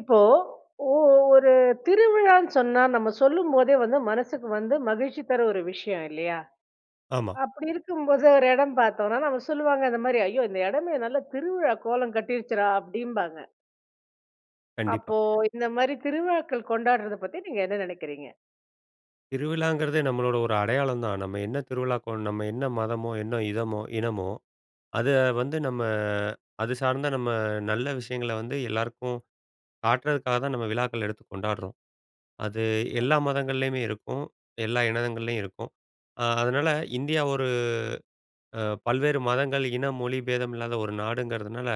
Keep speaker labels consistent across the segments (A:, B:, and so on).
A: இப்போ ஓ ஒரு திருவிழான்னு சொன்னா நம்ம சொல்லும்போதே வந்து மனசுக்கு வந்து மகிழ்ச்சி தர ஒரு விஷயம் இல்லயா!
B: ஆமா.
A: அப்பிடி இருக்கும்போது, ஒரு இடம் பார்த்தோன்னா, அவுங்க சொல்லுவாங்க இந்தமாரி ஐயோ! இந்த இடமே நல்ல திருவிழா கோலம் கட்டிடுச்சுடா அப்பிடிம்பாங்க.
B: கண்டிப்பா.
A: அப்போ இந்தமாரி திருவிழாக்கள் கொண்டாட்றதப் பத்தி நீங்க என்ன நினைக்கிறீங்க?
B: திருவிழாங்கிறதே நம்மளோட ஒரு அடையாளம் தான். நம்ம என்ன திருவிழாக்கு கோ நம்ம என்ன மதமோ, என்ன இனமோ இனமோ, அத வந்து நம்ம அது சார்ந்த நம்ம நல்ல விஷயங்கள வந்து எல்லாருக்கும் காட்டுறதுக்காகதான் நம்ம விழாக்கள் எடுத்து கொண்டாட்றோம். அது எல்லா
A: ஓகே.
B: மதங்கள்லயுமே இருக்கும். எல்லா இனங்கள்லயும் இருக்கும். அ அதனால இந்தியா ஒரு அ பல்வேறு மதங்கள், இன, மொழி பேதம் இல்லாத ஒரு நாடுங்கிறதுனால,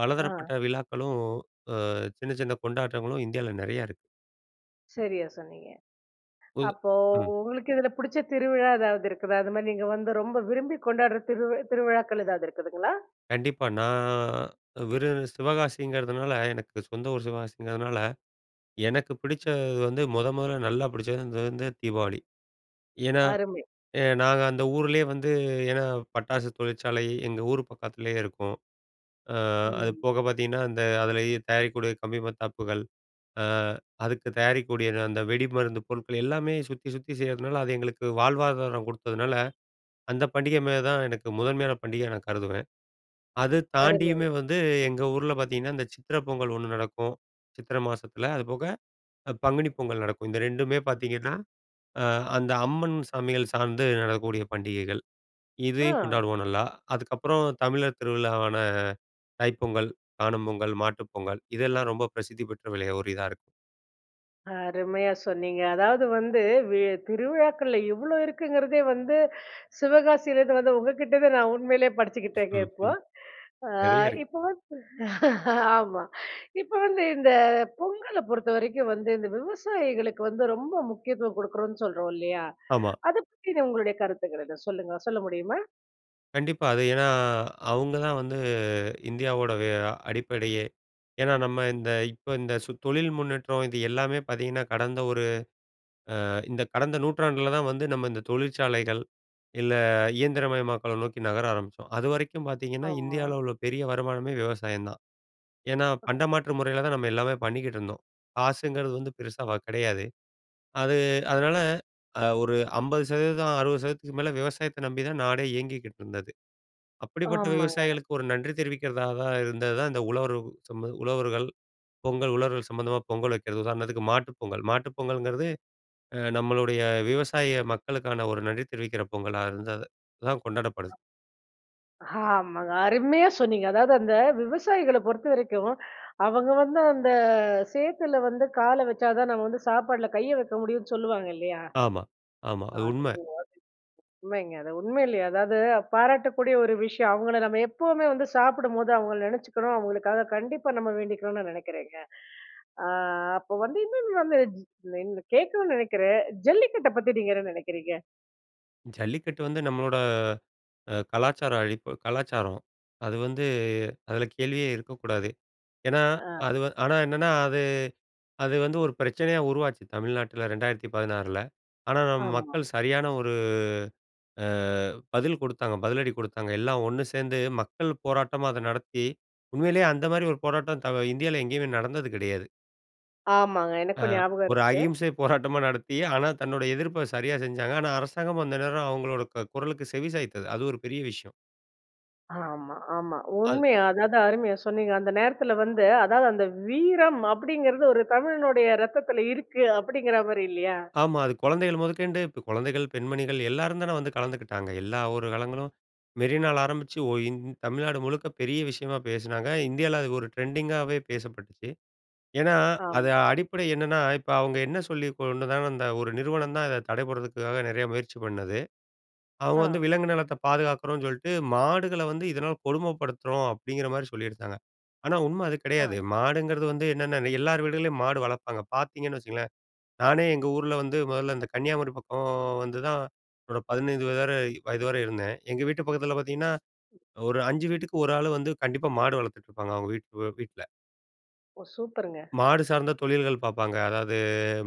B: பலதரப்பட்ட
A: ஆ!
B: விழாக்களும் அ சின்ன சின்ன கொண்டாட்டங்களும் இந்தியால நிறையா இருக்கு.
A: சரியா சொன்னீங்க.
B: புது
A: அப்போ
B: ம்.
A: உங்களுக்கு இதில பிடிச்ச திருவிழா எதாவது இருக்குதா? அதுமாரி நீங்க வந்து ரொம்ப விரும்பி கொண்டாட்ற திருவி திருவிழாக்கள் எதாவது இருக்குதுங்களா?
B: கண்டிப்பா. நான் விருது சிவகாசிங்கிறதுனால, எனக்கு சொந்த ஊரு சிவகாசிங்கிறதுனால, எனக்கு பிடிச்சது வந்து மொத மொதல்ல நல்லா பிடிச்சது வந்து தீபாவளி. ஏன்னா,
A: அருமை.
B: அ நாங்க அந்த ஊரிலே வந்து ஏன்னா, பட்டாசு தொழிற்சாலை எங்க ஊரு பக்கத்திலயே இருக்கும். அ அது
A: ம்.
B: போக பார்த்தீங்கன்னா அந்த அதிலயே தயாரிக்கக்கூடிய கம்பி மத்தாப்புகள், அ அதுக்கு தயாரிக்கக்கூடிய அந்த வெடிமருந்து பொருட்கள் எல்லாமே சுத்தி சுத்தி செய்றதுனால, அது எங்களுக்கு வாழ்வாதாரம் கொடுத்ததுனால, அந்த பண்டிக மேல தான் எனக்கு முதன்மையான பண்டிகையா நான் கருதுவேன். அத
A: அருமை.
B: தாண்டியுமே வந்து எங்க ஊர்ல பார்த்தீங்கன்னா, இந்த சித்திரை பொங்கல் ஒண்ணு நடக்கும். சித்திரை மாசத்துல அதுபோக, அ பங்குனி பொங்கல் நடக்கும். இந்த 2மே பார்த்தீங்கன்னா, அ அந்த அம்மன் சாமிகள் சார்ந்து நடக்கக்கூடிய பண்டிகைகள். இதையும்
A: ஆ.
B: கொண்டாடுவோம் நல்லா. அதுக்கப்பறம் தமிழர் திருவிழாவான தைப்பொங்கல், காணும் பொங்கல், மாட்டுப் பொங்கல் இதெல்லாம் ரொம்ப பிரசித்தி பெற்ற விளைய ஒரு இதா இருக்கும்.
A: அருமையா சொன்னீங்க. அதாவது, வந்து வி திருவிழாக்கள்ல இவ்ளோ இருக்குங்கறதே வந்து சிவகாசிலருந்து வந்த உங்ககிட்டருந்து நான் உண்மையிலேயே படிச்சுக்கிட்டேங்க
B: ம்,
A: இப்போ.
B: ம்.
A: அ
B: நெறைய இருக்கு.
A: இப்ப ஆமா இப்ப வந்து இந்த பொங்கல பொறுத்தவரைக்கும் வந்து இந்த விவசாயிகளுக்கு வந்து ரொம்ப முக்கியத்துவம் குடுக்குறோம்னு சொல்றோம் இல்லையா?
B: ஆமா.
A: அத பத்தின உங்களுடைய கருத்துக்கள் என்ன சொல்லுங்க சொல்ல முடியுமா?
B: கண்டிப்பா. அது ஏன்னா, அவங்க தான் வந்து இந்தியாவோட வ அடிப்படையே. ஏன்னா நம்ம இந்த இப்ப இந்த தொழில் முன்னேற்றம் இது எல்லாமே பார்த்தீங்கன்னா, கடந்த ஒரு அ இந்த கடந்த நூற்றாண்டில தான் வந்து நம்ம இந்த தொழிற்சாலைகள், இல்லை இயந்திரமயமாக்கல நோக்கி நகர ஆரம்பிச்சோம். அதுவரைக்கும் பார்த்தீங்கன்னா,
A: ஆமா.
B: இந்தியால்ல உள்ள பெரிய வருமானமே விவசாயம் தான். ஏன்னா
A: அ.
B: பண்டமாற்று முறையில தான் நம்ம எல்லாமே பண்ணிக்கிட்டு இருந்தோம். காசுங்கிறது வந்து பெருசா வ கிடையாது. அது அதனால அ ஒரு 50%, 60%க்கு மேலே விவசாயத்த நம்பிதான் நாடே இயங்கிக்கிட்டு இருந்தது. அப்படிப்பட்ட
A: ஆமாங்க.
B: விவசாயிகளுக்கு ஒரு நன்றி தெரிவிக்கிறதா தான் இருந்ததுதான் இந்த உழவர் சம உழவர்கள் பொங்கல் உழவர்கள் சம்மந்தமா பொங்கல் வைக்கிறதுதான். உதாரணத்துக்கு மாட்டு பொங்கல். மாட்டு பொங்கல்ங்கிறது அ நம்மளுடைய விவசாய மக்களுக்கான ஒரு நன்றி தெரிவிக்கிற பொங்கலா இருந்தது தான் கொண்டாடப்படுது.
A: ஆமாங்க. அருமையா சொன்னீங்க! அதாவது, அந்த விவசாயிகள பொறுத்தவரைக்கும், அவங்க வந்து அந்த சேத்துல வந்து கால வச்சா தான் நம்ம வந்து சாப்பாட்டுல கைய வைக்க முடியும்னு சொல்லுவாங்க இல்லையா?
B: ஆமா, ஆமா. அது
A: அதுக்கு
B: உண்மை.
A: [unintelligible] உண்மைங்க. அது உண்மையிலேயே அதாவது பாராட்டக்கூடிய ஒரு விஷயம். அவங்கள நம்ம எப்பவுமே வந்து சாப்பிடும்போது அவங்கள நினைச்சிக்கணும், அவங்களுக்காக கண்டிப்பா நம்ம வேண்டிக்கணும்னு நா நினைக்கிறேங்க. அ அப்போ வந்து இன்னொன்னு வந்து [unintelligible] கேட்கணும்னு நினைக்கிறேன். ஜல்லிக்கட்ட பத்தி நீங்க என்ன நினைக்கிறீங்க?
B: ஜல்லிக்கட்டு வந்து நம்மளோட அ கலாச்சார அழிப்பு கலாச்சாரம் அது வந்து அதில கேள்வியே இருக்கக்கூடாது? ஏன்னா
A: ஆ,
B: அது ஆனா என்னன்னா, அது, அது வந்து ஒரு பிரச்சனையா, உருவாச்சு தமிழ்நாட்டில 2016 ஆனா நம்ம
A: ஆமா.
B: மக்கள் சரியான ஒரு அ பதில் குடுத்தாங்க, பதிலடி குடுத்தாங்க. எல்லாம் ஒண்ணு சேந்து மக்கள் போராட்டமா அத நடத்தி உண்மையிலயே அந்த மாதிரி ஒரு போராட்டம், த இந்தியால எங்கயுமே நடந்தது கிடையாது.
A: ஆமாங்க!
B: ஆ,
A: எனக்கும் ஞாபகம்
B: ஒரு
A: இருக்கு.
B: அகிம்சை போராட்டமா நடத்தி, ஆனா தன்னுடைய எதிர்ப்ப சரியா செஞ்சாங்க. ஆனா அரசாங்கம் அந்த நேரம் அவங்களோட க குரலுக்கு செவி சாய்த்தது. அது ஒரு பெரிய விஷயம்!
A: ஆமா, ஆமா
B: அது
A: உண்மை! அதாது அருமையா சொன்னீங்க! அந்த நேரத்துல வந்து அதாவது அந்த வீரம் அப்படிங்கறது ஒரு தமிழனுடைய ரத்தத்துல இருக்கு அப்படிங்கிற மாரி இல்லியா?
B: ஆமா அது குழந்தைகள் முதக்கொண்டு இப்போ குழந்தைகள் பெண்மணிகள் எல்லாரும் தான வந்து கலந்துக்கிட்டாங்க! எல்லா ஒரு காலங்களும், மெரினால ஆரம்பிச்சு ஒ இ தமிழ்நாடு முழுக்க பெரிய விஷயமா பேசினாங்க! இந்தியால அது ஒரு ட்ரெண்டிங்காகவே பேசப்பட்டுச்சு! ஏன்னா அது
A: ஆம்.
B: அடிப்படை என்னென்னா? இப்போ அவங்க என்ன சொல்லி கொண்டதாலும் அந்த ஒரு நிறுவனம் தான், இதை தடை படுறதுக்குக்காக நிறைய முயற்சி பண்ணது. அவங்க வந்து
A: ஆ.
B: விலங்கு நலத்த பாதுகாக்கறோனு சொல்லிட்டு மாடுகள வந்து இதனால் கொடுமைப்படுத்துறோம். அப்படிங்கிற மாதிரி சொல்லிருதாங்க! ஆனா உண்மை அது
A: ஆ.
B: கிடையாது. மாடுங்கறது வந்து என்னென்ன எல்லார் வீடுகள்லயும் மாடு வளர்ப்பாங்க, பார்த்திங்கன்னு வச்சுக்கங்களேன் நானே எங்க ஊர்ல வந்து, மொதல்ல இந்த கன்னியாகுமரி பக்கம் வந்து தான் என்னோட 15 வயது வரை வயது வரை இருந்தேன். எங்க வீட்டு பக்கத்துல பார்த்திங்கன்னா, ஒரு 5 வீட்டுக்கு ஒரு ஆள் வந்து கண்டிப்பா மாடு வளர்த்துட்ருப்பாங்க அவங்க வீட் வீட்ல.
A: ஓ! சூப்பருங்க.
B: மாடு சார்ந்த தொழில்கள் பாப்பாங்க. அதாவது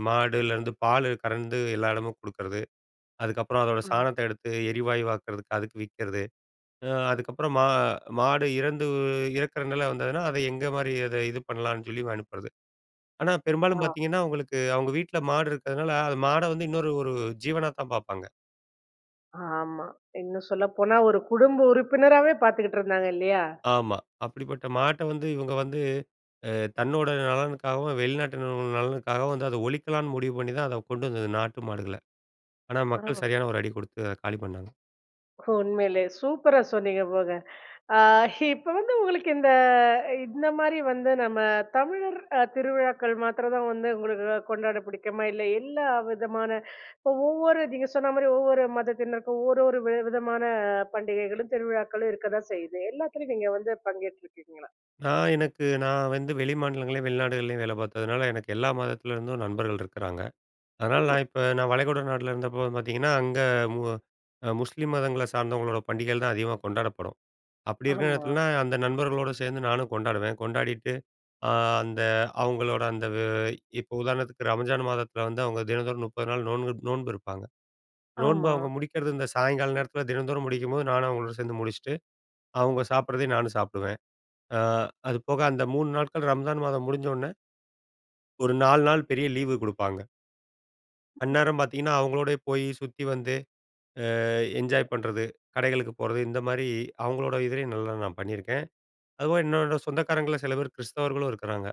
B: மாடுலருந்து பாலு கறந்து எல்லா இடமும் குடுக்குறது. அதுக்கப்பறம் அதோட
A: ம்.
B: சாணத்த எடுத்து எரிவாயுவாக்கிறதுக்கு அதுக்கு விக்கிறது. அ அதுக்கப்பறம் மா மாடு இறந்து இறக்கிற நில வந்ததுனா, அத எந்த மாரி அத இது பண்ணலான்னு சொல்லி அனுப்புறது. ஆனா
A: ஆ.
B: பெரும்பாலும் பார்த்தீங்கன்னா அவுங்களுக்கு அவுங்க வீட்ல மாடு இருக்கிறதுனால, அது மாட வந்து இன்னொரு ஒரு ஜீவனாதான் பார்ப்பாங்க.
A: ஆமா. இன்னும் சொல்லப்போனா, ஒரு குடும்ப உறுப்பினராவே பார்த்துக்கிட்டுருந்தாங்க இல்லயா!
B: ஆமா. அப்படிப்பட்ட மாட்ட வந்து இவுங்க வந்து, அ தன்னோட நலனுக்காகவும், வெளிநாட்டினர்கள் நலனுக்காகவும் வந்து அத ஒழிக்கலான்னு முடிவு பண்ணிதான் அத கொண்டு வந்தது நாட்டு மாடுகள. ஆனா மக்கள்
A: ஆ.
B: சரியான ஒரு அடி குடுத்து அத காலி பண்ணாங்க
A: உண்மையிலே. சூப்பரா சொன்னீங்க போங்க. ஆ இப்ப வந்து உங்களுக்கு இந்த இந்தமாரி வந்து நம்ம தமிழர் அ திருவிழாக்கள் மாத்திரந்தான் வந்து உங்களுக்கு கொண்டாட பிடிக்குமா? இல்ல எல்லா விதமான ஒ ஒவ்வொரு நீங்க சொன்னமாரி ஒவ்வொரு மதத்தினருக்கும் ஒரு, ஒரு வி விதமான பண்டிகைகளும், திருவிழாக்களும் இருக்கதான் செய்யுது. எல்லாத்துலயும் நீங்க வந்து பங்கேற்றுருக்கீங்களா?
B: நான் எனக்கு நான் வந்து வெளி மாநிலங்கள்லையும், வெளிநாடுகள்லையும் வேல பார்த்ததுனால, எனக்கு எல்லா மதத்துலருந்தும் நண்பர்கள் இருக்கிறாங்க. அதனால
A: ம்.
B: நான் இப்ப நான் வளைகுடா நாட்ல இருந்தப்போ பார்த்தீங்கன்னா, அங்க அ மு அ முஸ்லீம் மதங்கள சார்ந்தவங்களோட பண்டிகைகள் தான் அதிகமா கொண்டாடப்படும். அப்படி இருக்கிற
A: ஆமா.
B: நேரத்துலன்னா, அந்த நண்பர்களோட சேர்ந்து நானும் கொண்டாடுவேன். கொண்டாடிட்டு அ அந்த அவுங்களோட அந்த வ இப்போ உதாரணத்துக்கு ரம்ஜான் மாதத்தில வந்து அவுங்க தினந்தோறும் 30 நாள் நோன்பு நோன்பு இருப்பாங்க. நோன்பு
A: ஆமா.
B: அவுங்க முடிக்கிறது இந்த சாயங்கால நேரத்தில தினந்தோறும் முடிக்கும்போது, நானும் அவுங்களோடு சேர்ந்து முடிச்சுட்டு, அவுங்க சாப்பிட்றதையும் நானும் சாப்பிடுவேன். அ அதுபோக அந்த 3 நாட்கள் ரம்ஜான் மாதம் முடிஞ்ச உடனே. ஒரு 4 நாள் பெரிய லீவு குடுப்பாங்க. அந்நேரம் பாத்தீங்கன்னா, அவங்களோடயே போயி சுத்தி வந்து, அ என்ஜாய் பண்றது, கடைகளுக்கு போறது இந்த மாரி அவங்களோட இதுலையும் நல்லா நான் பண்ணீருக்கேன். அதுபோக என்னோட சொந்தக்காரங்கள்ல சில பேரு கிறிஸ்தவர்களும் இருக்குறாங்க.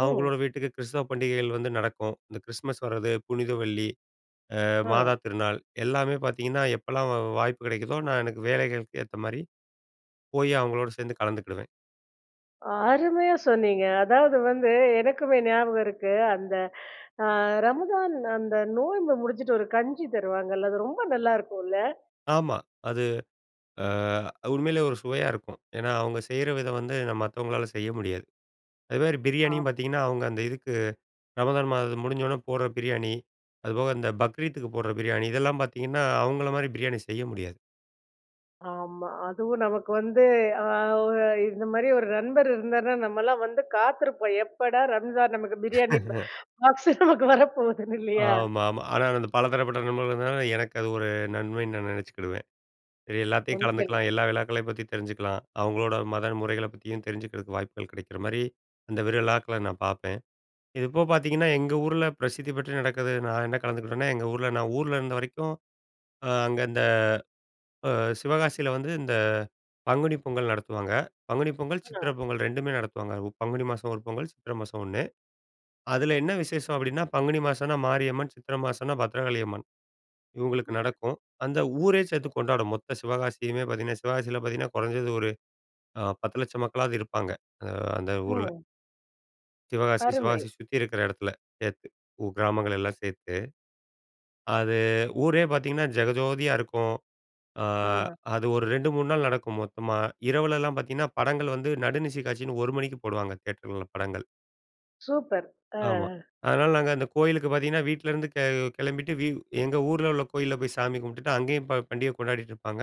A: ம்.
B: அவங்களோட வீட்டுக்கு கிறிஸ்தவ பண்டிகைகள் வந்து நடக்கும். இந்த கிறிஸ்மஸ் வர்ரது, புனித வெள்ளி, அ
A: அ.
B: மாதா திருநாள் எல்லாமே பாத்தீங்கன்னா, எப்போலாம் வா வாய்ப்பு கெடைக்குதோ, நான் எனக்கு வேலைகளுக்கு ஏத்த மாதிரி போயி அவங்களோட சேந்து கலந்துக்கிடுவேன்.
A: அருமையா சொன்னீங்க. அதாவது வந்து, எனக்குமே ஞாபகம் இருக்கு, அந்த அ ரமதான் அந்த நோம்ப முடிச்சிட்டு ஒரு கஞ்சி தருவாங்கல்ல? அது ரொம்ப நல்லாருக்குள்ல?
B: ஆமா. அது அ உண்மையிலே ஒரு சுவையா இருக்கும். ஏன்னா, அவங்க செய்ற விதம் வந்து மத்தவங்களால செய்ய முடியாது. அதுமாதிரி பிரியாணியும்
A: ஆமா.
B: பாத்தீங்கன்னா, அவங்க அந்த இதுக்கு ரமதான் மாதம் முடிஞ்சோனே போட்ற பிரியாணி. அதுபோக அந்த பக்ரீத்துக்கு போட்ற பிரியாணி. இதெல்லாம் பாத்தீங்கன்னா, அவங்கள மாதிரி பிரியாணி செய்ய முடியாது.
A: ஆமா. அதுவும் நமக்கு வந்து அ ஒ இந்த மாதிரி ஒரு நண்பர் இருந்தார்ன்னா நம்மலாம் வந்து காத்திருப்போம், எப்படா ரம்ஜான்? நமக்கு பிரியாணி ஃப் பாக்ஸு நமக்கு வரப்போகுதுன்னு இல்லியா?
B: ஆமாமா. ஆனால், அந்த பல தரப்பட்ட நண்பர்கள் இருந்தனால, எனக்கு அது ஒரு நன்மைன்னு நான் நெனைச்சிக்கிடுவேன். இது எல்லாத்தயும்
A: [unintelligible]
B: கலந்துக்கலாம், எல்லா விழாக்களயும் பத்தி தெரிஞ்சுக்கலாம். அவங்களோட மத முறைகள பத்தியும் தெரிஞ்சுக்கிறதுக்கு வாய்ப்புகள் கிடைக்கிற மாதிரி, அந்த விரு விழாக்கள நான் பாப்பேன். இப்போ பாத்தீங்கன்னா, எங்க ஊருல பிரசித்தி பெற்று நடக்குது நான் என்ன கலந்துக்கிட்டேன்னா, எங்க ஊருல நான் ஊர்ல இருந்த வரைக்கும் அ அங்க இந்த அ சிவகாசியில வந்து இந்த பங்குனி பொங்கல் நடத்துவாங்க. பங்குனி பொங்கல், சித்திர
A: அ.
B: பொங்கல் ரெண்டுமே நடத்துவாங்க. உ பங்குனி மாசம் ஒரு பொங்கல், சித்திர மாசம் ஒண்ணு. அதுல என்ன விசேஷம் அப்டின்னா, பங்குனி மாசம்னா மாரியம்மன், சித்திர மாசம்னா பத்ரகாளியம்மன். இவங்களுக்கு
A: ம்.
B: நடக்கும். அந்த ஊரே சேந்து கொண்டாடும் மொத்த சிவகாசியுமே பாத்தீங்கன்னா, சிவகாசியில பாத்தீங்கன்னா குறைஞ்சது ஒரு அ 10 லட்சம் மக்களாது இருப்பாங்க, அ அந்த ஊருல.
A: ஓ
B: சிவகாசி
A: அருமை!
B: சிவகாசி சுத்தி இருக்கற இடத்துல சேர்த்து, உ கிராமங்கள் எல்லா சேர்த்து, அது ஊரே பார்த்திங்கன்னா! ஜெகஜோதியா இருக்கும். ஆ
A: ஆ.
B: அது ஒரு 2, 3 நாள் நடக்கும் மொத்தமா. இரவுல எல்லா பார்த்தீங்கன்னா! படங்கள் வந்து நடுநிசி காட்சினு, 1 மணிக்கு போடுவாங்க! தியேட்டர்ல படங்கள்.
A: சூப்பர். அ.
B: ஆமா. அதனால நாங்க, அந்த கோயிலுக்கு பார்த்திங்கன்னா! வீட்லருந்து கி கிளம்பிட்டு வி எங்க ஊர்ல உள்ள கோயில்ல போய் சாமி கும்டுட்டு, அங்கயும் போ பண்டிகை கொண்டாடிட்டுருப்பாங்க!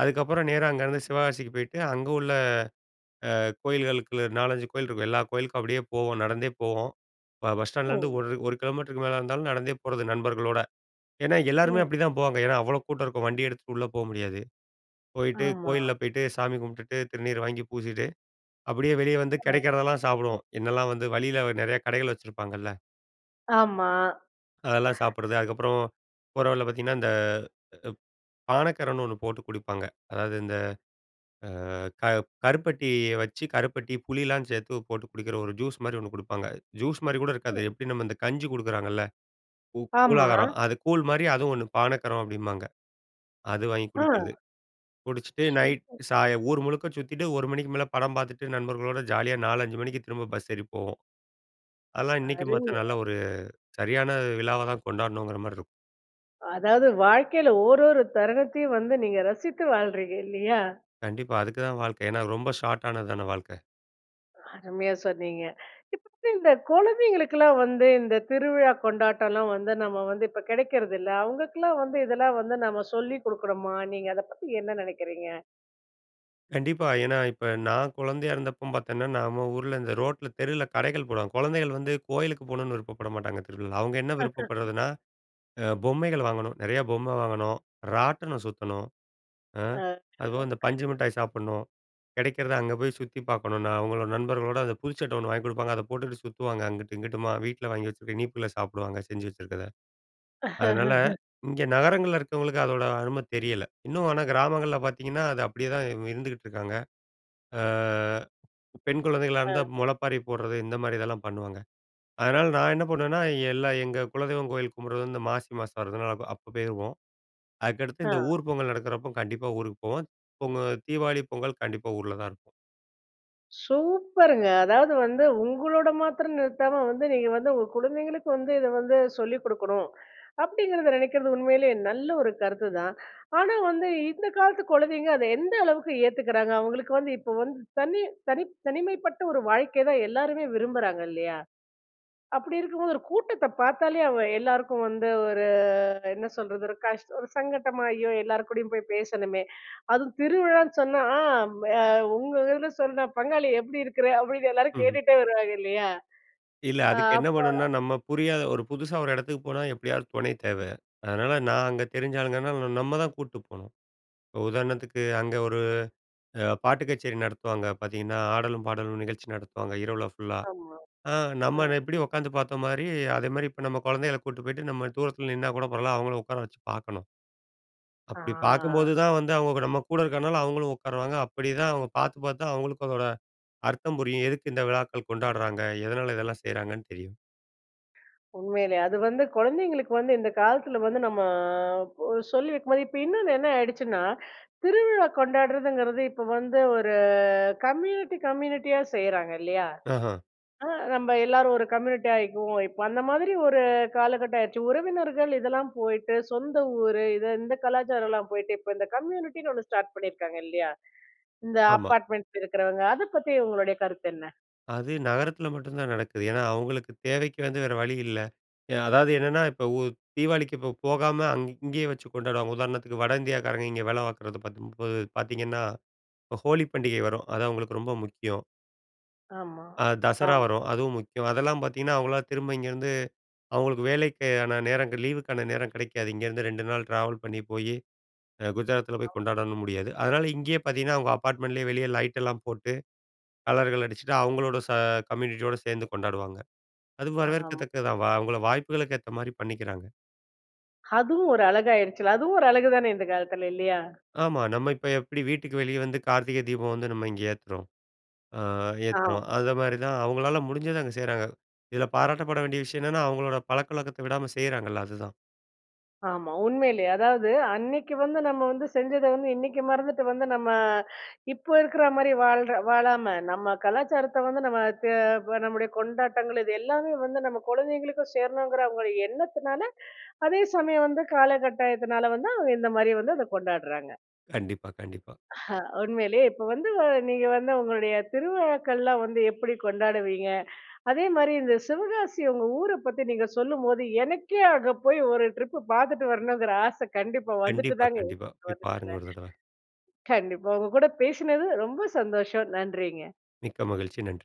B: அதுக்கப்புறம் நேரா அங்கருந்து சிவகாசிக்கு போய்ட்டு, அங்க உள்ள அ கோயில்களுக்குள்ள, 4,5 கோயில் இருக்கும். எல்லா கோயிலுக்கும் அப்படியே போவோம் நடந்தே போவோம். ப பஸ் ஸ்டாண்ட்லேருந்து
A: ம்.
B: ஒரு 1 கிலோமீட்டருக்கு மேல இருந்தாலும் நடந்தே போறது. நண்பர்களோட. ஏன்னா? எல்லாருமே
A: ம்.
B: அப்படிதான் போவாங்க! ஏன்னா? அவ்ளோ கூட்டம் இருக்கும். வண்டி எடுத்துட்டு உள்ள போ முடியாது. போயிட்டு
A: ஆமா.
B: கோயில்ல போய்ட்டு சாமி கும்டுட்டு, திருநீர வாங்கி பூசிட்டு, அப்படியே வெளியே வந்து
A: ம்.
B: கிடைக்கிறதெல்லாம் சாப்பிடுவோம். என்னெல்லாம் வந்து வழியில நிறைய கடைகள் வச்சிருப்பாங்கல்ல!
A: ஆமா.
B: அதெல்லாம் சாப்பிடுறது அதுக்கப்புறம் போற வழில பார்த்தீங்கன்னா! இந்த ப் பானக்கரன்னு ஒண்ணு போட்டு குடிப்பாங்க! அதாவது, இந்த அ க கருப்பட்டிய வச்சு கருப்பட்டி, புளிலாம் சேர்த்து போட்டு குடிக்கிற, ஒரு ஜூஸ் மாதிரி ஒண்ணு குடுப்பாங்க. ஜூஸ் மாரி கூட இருக்காது,
A: ம்.
B: எப்படி நம்ம இந்த கஞ்சி குடுக்குறாங்கல்ல! கூ
A: ஆமா!
B: கூழாகாரம். அது கூழ் மாதிரி அதுவும் ஒண்ணு பானக்கரம், அப்படிம்பாங்க. அது வாங்கி குடிக்கிறது.
A: அ.
B: குடிச்சுட்டு நைட்
A: சூப்பர்.
B: சாய ஊர் முழுக்க சுத்தீட்டு, 1 மணிக்கு மேலே படம் பார்த்துட்டு நண்பர்களோட ஜாலியா, 4 5 மணிக்கு திரும்ப பஸ் ஏறி போவோம். அதெல்லாம் இன்னைக்கும் பார்த்தா,
A: அருவியா.
B: நல்ல ஒரு சரியான விழாவா தான் கொண்டாடணுங்கிற மாரி இருக்கும்.
A: அதாவது, வாழ்க்கைல ஓவ்வொரு தருணத்தையும் வந்து நீங்க ரசித்து வாழ்றீங்க, இல்லையா?
B: கண்டிப்பா. அதுக்கு தான் வாழ்க்கை. ஏன்னா ரொம்ப ஷார்ட் ஆனது தான வாழ்க்கை.
A: அருமையா சொன்னீங்க. இப்ப வந்து இந்த குழந்தைங்களுக்குலாம் வந்து இந்த திருவிழா கொண்டாட்டம்லாம் வந்து, நம்ம வந்து இப்ப கிடைக்கிறதில்ல. அவங்களுக்கெல்லாம் வந்து இதெல்லாம் வந்து நாம சொல்லி குடுக்கனுமா? நீங்க அதை பத்தி என்ன நெனைக்கிறீங்க?
B: கண்டிப்பா. ஏன்னா, இப்ப நான் குழந்தையா இருந்தப்ப பாத்தேன்னா, நம்ம ஊர்ல இந்த ரோட்ல தெருல கடைகள் போடுவாங்க. குழந்தைகள் வந்து கோயிலுக்கு போணும்னு விருப்பப்பட மாட்டாங்க. [unintelligible] அவங்க என்ன விருப்பப்படுறதுனா, அ பொம்மைகள் வாங்கணும், நெறையா பொம்மை வாங்கணும், ராட்டனம் சுத்தணும், அ
A: அ.
B: அதுபோக இந்த பஞ்சு
A: [unintelligible]
B: மிட்டாய் சாப்பிடணும். கிடைக்கிறத அங்க போய் சுத்தி பாக்கணும்னா, அவங்களோட நண்பர்களோட. அது புது சட்டை ஒண்ணு வாங்கி குடுப்பாங்க. அத போட்டுக்குட்டு சுத்துவாங்க, அங்குட்டு இங்குட்டுமா. வீட்ல வாங்கி வச்சிருக்க இனிப்புகள சாப்பிடுவாங்க, செஞ்சு வச்சுருக்கத. அதனால, இங்க நகரங்கள்ல இருக்கவங்களுக்கு அதோட அரும தெரியல. இன்னும் ஆனா கிராமங்கள்ல பார்த்தீங்கன்னா, அது அப்படியே தான் இ இருந்துகிட்டுருக்காங்க. அ பெண் குழந்தைங்களா இருந்தா
A: அ.
B: முளைப்பாரி போடுறது. இந்த மாதிரி இதெல்லாம் பண்ணுவாங்க. அதனால நான் என்ன பண்ணுவேன்னா, எல்லா எங்க குலதெய்வம் கோயில் கும்பிடுறது இந்த மாசி மாசம் வருதுனா, அப் அப்ப போயிருவோம். அதுக்கடுத்து
A: ஆ.
B: இந்த ஊர் பொங்கல் நடக்குறப்போ கண்டிப்பா ஊருக்கு போவோம். பொங்க தீவாளி, பொங்கல், கண்டிப்பா ஊர்ல தான் இருப்போம்.
A: சூப்பருங்க. அதாவது வந்து, உங்களோட மாத்தரம் நிறுத்தாம வந்து, நீங்க வந்து உங்க குழந்தைங்களுக்கு வந்து, "இத வந்து சொல்லிக் குடுக்கணும்." அப்படிங்கிறத நினைக்கிறது உண்மையிலே நல்ல ஒரு கருத்துதான். ஆனா வந்து, இந்த காலத்து குழந்தைங்க அத எந்த அளவுக்கு ஏத்துக்குறாங்க? அவங்களுக்கு வந்து, இப்போ வந்து, தனி தனிப் தனிமைப்பட்ட ஒரு வாழ்க்கை தான் எல்லாருமே விரும்புறாங்க, இல்லையா? அப்படி இருக்கும்போது ஒரு கூட்டத்தப் பாத்தாலே அவ எல்லாருக்கும் வந்து ஒரு, என்ன சொல்றது? ஒரு கஷ்ட் ஒரு சங்கட்டமா, "ஐயோ! எல்லார் கூடயும் போய் பேசணுமே" அதுவும் திருவிழான்னு சொன்னா, ஆ ம் எ உங்க இதுல சொன்னா, "பங்காளி எப்படி இருக்கிற?" அப்படின்னு எல்லாரும்
B: ம்ஹ்ம்.
A: கேட்டுட்டே வருவாங்க, இல்லையா?
B: இல்ல.
A: ஆ
B: அதுக்கு என்ன
A: அப்ப
B: பண்ணணுன்னா, நம்ம புரியாத ஒரு புதுசா ஒரு இடத்துக்கு போனா, எப்படியாவது துணை தேவ. அதனால, நான் அங்க தெரிஞ்ச ஆளுங்கறன்னால ந ந நம்ம தான் கூட்டு போணும். உதாரணத்துக்கு, அங்க ஒரு அ பாட்டு கச்சேரி நடத்துவாங்க. பார்த்தீங்கன்னா, "ஆடலும் பாடலும்" நிகழ்ச்சி நடத்துவாங்க, இரவுல ஃபுல்லா.
A: ஆமா.
B: அ
A: அ.
B: நம்ம அத எப்படி உட்காந்து பாத்த மாரி, அதேமாரி இப்ப நம்ம குழந்தைகள கூட்டு போய்ட்டு, நம்ம தூரத்துல நின்னா கூட பரவால்ல, அவங்கள உக்கார வச்சு பார்க்கணும். அப்படி பார்க்கும்போது
A: ஆ.
B: தான் வந்து, அவங்களுக்கு நம்ம கூட இருக்கனால அவங்களும் உட்காருவாங்க. அப்படி தான் அவங்க பாத்து பாத்து தான் அவங்களுக்கும் அதோட அர்த்தம் புரியும். எதுக்கு இந்த விழாக்கள் கொண்டாடுறாங்க? எதனால இதெல்லாம் செய்றாங்கன்னு தெரியும்.
A: உண்மையிலே. அது வந்து கொழந்தைங்களுக்கு வந்து இந்த காலத்துல வந்து நம்ம ஒ சொல்லி வைக்கும்போதே இப்ப இன்னொன்னு என்ன ஆயிடுச்சுன்னா, திருவிழா கொண்டாடுறதுங்கிறது இப்போ வந்து ஒரு கம்யூனிட்டி கம்யூனிட்டியா செய்றாங்க இல்லியா?
B: அஹ.
A: அ நம்ப எல்லாரும் ஒரு கம்யூனிட்டியா ஆய்க்குவோம், இப்போ அந்த மாதிரி ஒரு காலகட்டம் ஆயிருச்சு. உறவினர்கள் இதெல்லாம் போயிட்டு, சொந்த ஊர் இது, இந்த கலாச்சாரம்லாம் போயிட்டு இப்போ, இந்த கம்யூனிட்டின்னு ஒண்ணு ஸ்டார்ட் பண்ணீருக்காங்க இல்லியா? இந்த
B: ஆமா.
A: அப்பார்ட்மெண்ட்ல இருக்குறவங்க, அத பத்தி உங்களுடைய கருத்து என்ன?
B: அது நகரத்தில மட்டும் தான் நடக்குது. ஏன்னா, அவங்களுக்கு தேவைக்கு வந்து வேற வழி இல்ல. எ அதாது என்னன்னா? இப்போ ஊ தீவாளிக்கு இப்ப போகாம அங் இங்கயே வச்சு கொண்டாடுவாங்க. உதாரணத்துக்கு, வட இந்தியாக்காரங்க இங்க வேல பாக்குறது 10 30 பாத்தீங்கன்னா, ஹ் ஹோலி பண்டிகை வரும், அது அவங்களுக்கு ரொம்ப முக்கியம்.
A: ஆமா,
B: அ தசரா
A: ஆம்.
B: வரும், அதுவும் முக்கியம். அதெல்லாம் பாத்தீங்கன்னா, அவங்களலா திரும்ப இங்கேருந்து அவங்களுக்கு வேலைக்கான நேரம் லீவுக்கான நேரம் கிடைக்காது. இங்க இருந்து 2 நாள் ட்ராவல் பண்ணி போயி, அ குஜராத்துல போய்
A: அம்.
B: கொண்டாடணும் முடியாது. அதனால இங்கேயே பாத்தீங்கன்னா, அவங்க அப்பார்ட்மெண்ட்லேயே வெளிய லைட்டெல்லாம் போட்டு கலர்கள் அடிச்சுட்டு அவங்களோட ச கம்யூனிட்டியோடு சேந்து கொண்டாடுவாங்க. அது
A: ஆம்.
B: வரவேற்கத்தக்கது தான். அவங்கள வாய்ப்புகளுக்கு ஏத்த மாதிரி பண்ணிக்கிறாங்க.
A: அதுவும் ஒரு அழகாய்ருச்சுல்ல அதுவும் ஒரு அழகு தானே இந்த காலத்துல இல்லியா?
B: ஆமா. நம்ம இப்போ எப்படி வீட்டுக்கு வெளிய வந்து கார்த்திகை தீபம் வந்து நம்ம இங்க ஏத்துறோம், அ
A: ஆம்.
B: ஏத்துறோம். அந்த மாதிரி தான், அவங்களால முடிஞ்சத அங்க செய்றாங்க. இதுல பாராட்டப்பட வேண்டிய விஷயம் என்னென்னா அவங்களோட பழக்கவழக்கத்த விடாம செய்றாங்கல்ல அதுதான்.
A: ஆமா. உண்மையிலயே அதாவது அன்னைக்கு வந்து நம்ம வந்து செஞ்சத வந்து, இன்னைக்கு மறந்துட்டு வந்து நம்ம இப்போ இருக்குற மாதிரி வாழ்ற வாழாம, நம்ம கலாச்சாரத்த வந்து நம்ம தெ ப நம்முடைய கொண்டாட்டங்கள் இது எல்லாமே வந்து நம்ம கொழந்தைங்களுக்கும் சேரணுங்கிற அவங்க எண்ணத்துனால, அதே சமயம் வந்து காலகட்டாயத்துனால வந்து அவங்க இந்த மாதிரி வந்து அத கொண்டாடுறாங்க.
B: கண்டிப்பா, கண்டிப்பா.
A: அஹ. உண்மையிலயே இப்போ வந்து வ நீங்க வந்து உங்களுடைய திருவிழாக்கள்லாம் வந்து எப்படி கொண்டாடுவீங்க? அதேமாதிரி இந்த சிவகாசிய உங்க ஊர பத்தி நீங்க சொல்லும்போது, எனக்கே அங்க போய் ஒரு ட்ரிப்பு பாத்துட்டு வரணுங்கிற ஆச கண்டிப்பா வந்துட்டு
B: கண்டிப்பா,
A: தாங்க
B: கண்டிப்பா. போய் பாருங்க ஒரு தடவ.
A: [unintelligible] கண்டிப்பா. உங்க கூட பேசினது ரொம்ப சந்தோஷம். நன்றிங்க.
B: மிக்க மகிழ்ச்சி. நன்றி.